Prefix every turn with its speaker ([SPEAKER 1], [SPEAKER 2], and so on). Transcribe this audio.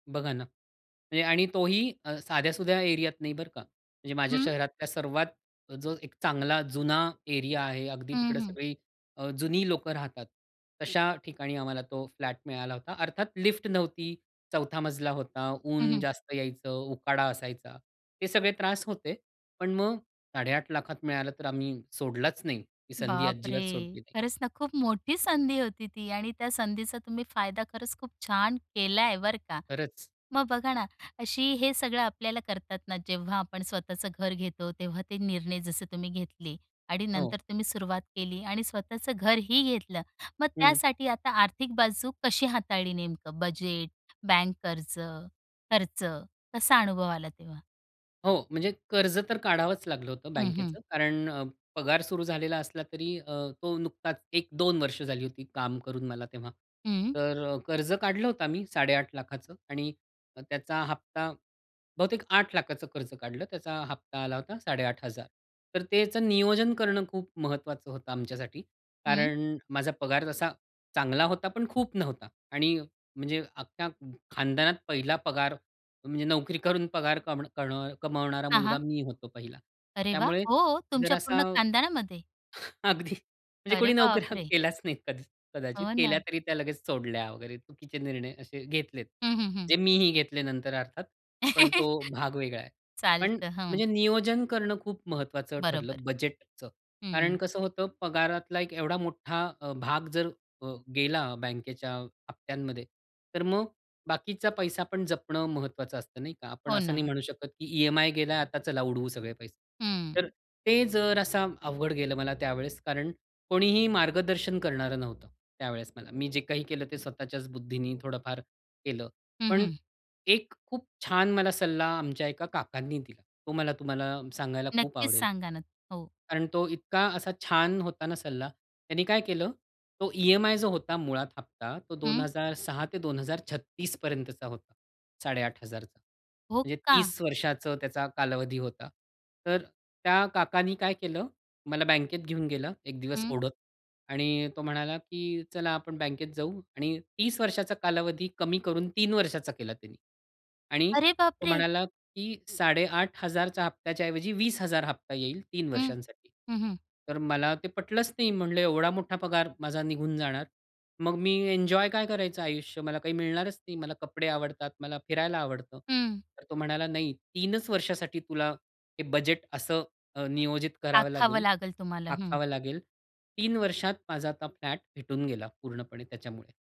[SPEAKER 1] बघा ना आणि तोही अ, साध्यासुध्या एरियात नाही बरं का. म्हणजे माझ्या
[SPEAKER 2] हं.
[SPEAKER 1] शहरातल्या सर्वात जो एक चांगला जुना एरिया आहे, अगदी
[SPEAKER 2] हं,
[SPEAKER 1] तिकडे
[SPEAKER 2] हं.
[SPEAKER 1] सगळी अ, जुनी लोकं राहतात. तशा ठिकाणी आम्हाला तो फ्लॅट मिळाला होता. अर्थात लिफ्ट नव्हती, 4था मजला होता,
[SPEAKER 2] हं,
[SPEAKER 1] ऊन
[SPEAKER 2] हं.
[SPEAKER 1] जास्त यायचं, उकाडा असायचा. ते सगळे त्रास होते. पण मग 8.50 लाखात मिळालं तर आम्ही सोडलाच नाही. ती संधी
[SPEAKER 2] बापरे!
[SPEAKER 1] अजिबात सोडली नाही.
[SPEAKER 2] खरंच ना खूप मोठी संधी होती ती आणि त्या संधीचा तुम्ही फायदा खरंच खूप छान केलाय बरं का.
[SPEAKER 1] खरंच.
[SPEAKER 2] मग बघा ना, अशी हे सगळं आपल्याला करतात ना जेव्हा आपण स्वतःचं घर घेतो तेव्हा ते निर्णय जसे तुम्ही घेतले आणि
[SPEAKER 1] हो.
[SPEAKER 2] नंतर तुम्ही सुरुवात केली आणि स्वतःचं घरही घेतलं. मग
[SPEAKER 1] हं.
[SPEAKER 2] त्यासाठी आता आर्थिक बाजू कशी हाताळली नेमकं? बजेट, बँक कर्ज, खर्च कसा अनुभव आला तेव्हा?
[SPEAKER 1] हो, म्हणजे कर्ज तर काढावंच लागलं होतं
[SPEAKER 2] हं, हं.
[SPEAKER 1] बँकेचं. कारण अ, पगार सुरू झालेला असला तरी अ, तो नुकताच 1-2 वर्ष झाली होती काम करून मला तेव्हा.
[SPEAKER 2] हं.
[SPEAKER 1] तर अ, कर्ज काढलं होतं आम्ही 8.50लाखाचं आणि अ, त्याचा हप्ता बहुतेक 8लाखाचं कर्ज काढलं. त्याचा हप्ता आला होता 8,500 तर त्याचं नियोजन करणं खूप महत्वाचं होतं आमच्यासाठी.
[SPEAKER 2] हं.
[SPEAKER 1] कारण माझा पगार तसा चांगला होता पण खूप नव्हता आणि म्हणजे अख्ख्या ख खानदानात पहिला पगार, म्हणजे नोकरी करून पगार कम करणं कमावणारा
[SPEAKER 2] हां,
[SPEAKER 1] मुलगा
[SPEAKER 2] हां.
[SPEAKER 1] मी होतो पहिला.
[SPEAKER 2] अरे वाह!
[SPEAKER 1] त्यामुळे
[SPEAKER 2] हो, तुमच्या
[SPEAKER 1] जरासा
[SPEAKER 2] पूर्ण खानदानामध्ये?
[SPEAKER 1] अगदी, म्हणजे
[SPEAKER 2] अरे
[SPEAKER 1] कोणी नोकऱ्या
[SPEAKER 2] बापरे!
[SPEAKER 1] केल्याच नाही कद कदाचित.
[SPEAKER 2] हो
[SPEAKER 1] केल्या
[SPEAKER 2] ना.
[SPEAKER 1] तरी त्या लगेच सोडल्या वगैरे चुकीचे निर्णय असे घेतलेत.
[SPEAKER 2] हं, हं, हं.
[SPEAKER 1] जे मीही घेतले नंतर अर्थात पण तो भाग वेगळा आहे. पण
[SPEAKER 2] चालतं, हं.
[SPEAKER 1] म्हणजे नियोजन करणं खूप महत्त्वाचं
[SPEAKER 2] बरोबर,
[SPEAKER 1] ठरलं बजेटचं. कारण
[SPEAKER 2] हं.
[SPEAKER 1] कसं होतं पगारातला एक एवढा मोठा अ, भाग जर अ, गेला बँकेच्या हप्त्यांमध्ये तर मग बाकीचा पैसा पण जपणं महत्त्वाचं असतं, नाही का? आपण
[SPEAKER 2] हो
[SPEAKER 1] असं नाही
[SPEAKER 2] ना.
[SPEAKER 1] म्हणू शकत, की ईएमआय गेला आता चला उडवू सगळे पैसे.
[SPEAKER 2] हं.
[SPEAKER 1] तर ते जरासा अवघड गेलं मला त्यावेळेस कारण कोणीही मार्गदर्शन करणारं नव्हतं त्यावेळेस मला. मी जे काही केलं ते स्वतःच्याच बुद्धीने थोडंफार केलं.
[SPEAKER 2] हं,
[SPEAKER 1] पण
[SPEAKER 2] हं.
[SPEAKER 1] एक खूप छान मला सल्ला आमच्या एका काकांनी दिला. तो मला तुम्हाला सांगायला खूप
[SPEAKER 2] नक्कीच
[SPEAKER 1] आवडेल.
[SPEAKER 2] सांगा ना. हो.
[SPEAKER 1] कारण तो इतका असा छान होता ना सल्ला, त्यांनी काय केलं? तो ईएमआय जो होता मुळात हफ्ता तो दोन
[SPEAKER 2] हं.
[SPEAKER 1] हजार सहा ते 2036 पर्यंतचा होता. 8,500.
[SPEAKER 2] हो
[SPEAKER 1] म्हणजे
[SPEAKER 2] का?
[SPEAKER 1] 30 वर्षाचं त्याचा कालावधी होता. तर त्या काकांनी काय केलं? मला बँकेत घेऊन गेला एक दिवस
[SPEAKER 2] हं.
[SPEAKER 1] ओढत आणि तो म्हणाला, की "चला आपण बँकेत जाऊ" आणि 30 वर्षाचा कालावधी कमी करून 3 वर्षाचा केला त्यांनी आणि
[SPEAKER 2] अरे
[SPEAKER 1] तो
[SPEAKER 2] बापरे!
[SPEAKER 1] म्हणाला, की 8,500च्या हप्त्याच्या ऐवजी 20हजार हप्ता येईल 3
[SPEAKER 2] हं.
[SPEAKER 1] वर्षांसाठी.
[SPEAKER 2] हं, हं.
[SPEAKER 1] तर मला ते पटलंच नाही. म्हणलं, "एवढा मोठा पगार माझा निघून जाणार. मग मी एन्जॉय काय करायचं आयुष्य? मला काही मिळणारच नाही. मला कपडे आवडतात, मला फिरायला आवडतं."
[SPEAKER 2] हं.
[SPEAKER 1] तर तो म्हणाला नाही 3च वर्षासाठी तुला हे बजेट असं अ, नियोजित करावं
[SPEAKER 2] आखावं
[SPEAKER 1] लागेल,
[SPEAKER 2] लागेल तुम्हाला, हं.
[SPEAKER 1] आखावं लागेल, 3 वर्षात माझा आता फ्लॅट भेटून गेला पूर्णपणे त्याच्यामुळे.